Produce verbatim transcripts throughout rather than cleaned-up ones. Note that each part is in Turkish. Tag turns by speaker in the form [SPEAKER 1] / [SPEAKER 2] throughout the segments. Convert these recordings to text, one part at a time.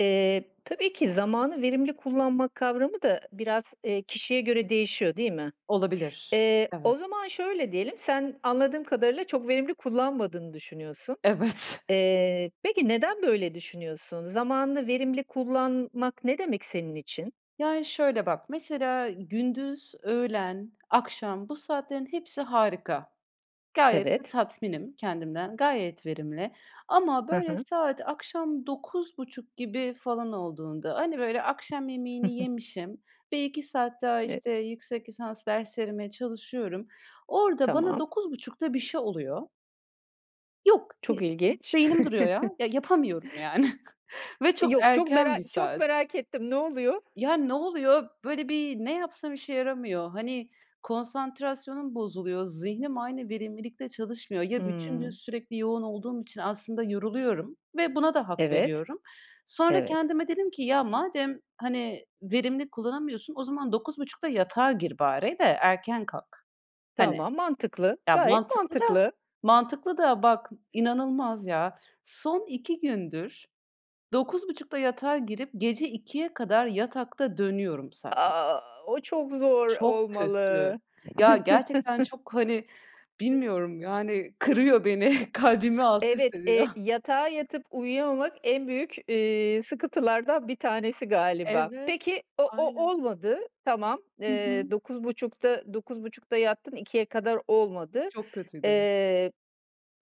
[SPEAKER 1] Eee, tabii ki zamanı verimli kullanma kavramı da biraz, eee, kişiye göre değişiyor, değil mi?
[SPEAKER 2] Olabilir!
[SPEAKER 1] Eee, o
[SPEAKER 2] Evet.
[SPEAKER 1] zaman şöyle diyelim, sen anladığım kadarıyla çok verimli kullanmadığını düşünüyorsun.
[SPEAKER 2] Evet!
[SPEAKER 1] Eee, peki neden, böyle düşünüyorsun? Zamanını verimli kullanmak, ne demek senin için?
[SPEAKER 2] Yani şöyle, bak, mesela ı gündüz, öğlen, akşam, bu saatlerin hepsi harika. Gayet de
[SPEAKER 1] Evet.
[SPEAKER 2] tatminim kendimden, gayet verimli. Ama,
[SPEAKER 1] Hı
[SPEAKER 2] böyle,
[SPEAKER 1] hı.
[SPEAKER 2] saat akşam dokuz buçuk gibi falan olduğunda, hani, böyle, akşam yemeğini yemişim ve iki saat daha,
[SPEAKER 1] E
[SPEAKER 2] işte, yüksek lisans derslerime çalışıyorum. Orada bana
[SPEAKER 1] Tamam.
[SPEAKER 2] dokuz buçukta bir şey oluyor. Yok! Bir
[SPEAKER 1] Çok
[SPEAKER 2] b
[SPEAKER 1] ilginç!
[SPEAKER 2] beynim duruyor ya! Ya yapamıyorum, yani, Ve
[SPEAKER 1] E,
[SPEAKER 2] çok
[SPEAKER 1] yok! Çok
[SPEAKER 2] erken
[SPEAKER 1] mera
[SPEAKER 2] bir
[SPEAKER 1] çok
[SPEAKER 2] saat.
[SPEAKER 1] merak ettim, ne oluyor?
[SPEAKER 2] Ya, ne oluyor? Böyle bir, ne yapsam, işe yaramıyor. Hani konsantrasyonum bozuluyor. Zihnim aynı verimlilikte çalışmıyor. Ya, bütün gün
[SPEAKER 1] Hımm!
[SPEAKER 2] sürekli yoğun olduğum için aslında yoruluyorum ve buna da hak
[SPEAKER 1] Evet!
[SPEAKER 2] veriyorum. Sonra
[SPEAKER 1] Evet.
[SPEAKER 2] kendime dedim ki, ya madem hani verimli kullanamıyorsun, o zaman dokuz buçukta yatağa gir bari de erken kalk. Hani!
[SPEAKER 1] Tamam, mantıklı!
[SPEAKER 2] Ya,
[SPEAKER 1] Gayet
[SPEAKER 2] mantıklı da,
[SPEAKER 1] mantıklı!
[SPEAKER 2] mantıklı da! Bak, inanılmaz ya! Son iki gündür, dokuz buçukta yatağa girip gece ikiye kadar yatakta dönüyorum sadece.
[SPEAKER 1] A! O çok zor
[SPEAKER 2] Çok kötü!
[SPEAKER 1] olmalı.
[SPEAKER 2] Ya, gerçekten çok, hani, bilmiyorum, yani, kırıyor beni, kalbimi alt üst
[SPEAKER 1] Evet,
[SPEAKER 2] ediyor.
[SPEAKER 1] eee, yatağa yatıp uyuyamamak en büyük, iii, sıkıntılardan bir tanesi galiba.
[SPEAKER 2] Evet!
[SPEAKER 1] Peki o o
[SPEAKER 2] Aynen.
[SPEAKER 1] olmadı tamam.
[SPEAKER 2] Hı
[SPEAKER 1] Eee,
[SPEAKER 2] hı.
[SPEAKER 1] dokuz buçukta, dokuz buçukta yattın ikiye kadar olmadı.
[SPEAKER 2] Çok kötüydü!
[SPEAKER 1] Eee,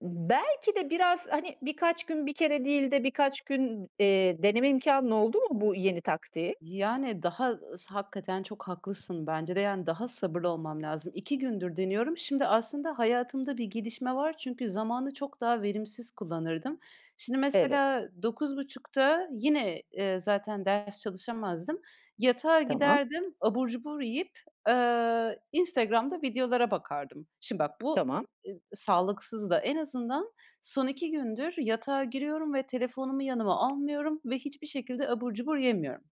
[SPEAKER 1] ımm, belki de biraz, hani, birkaç gün bir kere değil de birkaç gün, eee, deneme imkânın oldu mu, bu yeni taktiği?
[SPEAKER 2] Yani, daha, ııı, s hakikaten çok haklısın bence de. Yani, daha sabırlı olmam lazım. İki gündür deniyorum. Şimdi aslında hayatımda bir gelişme var. Çünkü zamanı çok daha verimsiz kullanırdım. Şimdi
[SPEAKER 1] Evet.
[SPEAKER 2] mesela dokuz buçukta yine, eee, zaten ders çalışamazdım, yatağa
[SPEAKER 1] Tamam.
[SPEAKER 2] giderdim. Abur cubur yiyip, ııı, Instagram'da videolara bakardım. Şimdi bak, bu
[SPEAKER 1] Tamam.
[SPEAKER 2] e i sağlıksız da. En azından son iki gündür yatağa giriyorum ve telefonumu yanıma almıyorum ve hiçbir şekilde abur cubur yemiyorum.